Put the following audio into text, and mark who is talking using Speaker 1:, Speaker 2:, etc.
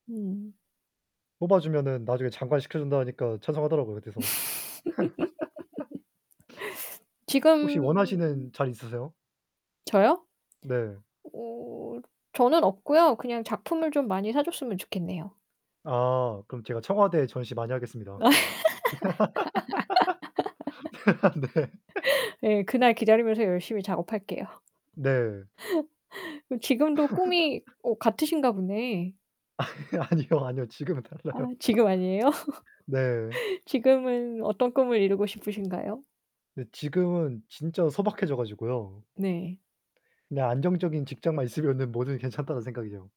Speaker 1: 음.
Speaker 2: 뽑아주면은 나중에 장관 시켜준다 하니까 찬성하더라고요. 그래서 혹시
Speaker 1: 지금 음음.
Speaker 2: 원하시는 자리 있으세요?
Speaker 1: 저요?
Speaker 2: 네.
Speaker 1: 어 저는 없고요 그냥 작품을 좀 많이 사줬으면 좋겠네요.
Speaker 2: 아 그럼 제가 청와대에 전시 많이 하겠습니다. 네
Speaker 1: 네, 그날 기다리면서 열심히 작업할게요.
Speaker 2: 네.
Speaker 1: 그럼 지금도 꿈이 어 같으신가 보네.
Speaker 2: 아니요, 아니요, 아니요. 지금은
Speaker 1: 아
Speaker 2: 달라요.
Speaker 1: 지금 아니에요?
Speaker 2: 네.
Speaker 1: 지금은 어떤 꿈을 이루고 싶으신가요?
Speaker 2: 근데 지금은 진짜 소박해져 가지고요
Speaker 1: 네.
Speaker 2: 그냥 안정적인 직장만 있으면은 뭐든 괜찮다는 생각이죠.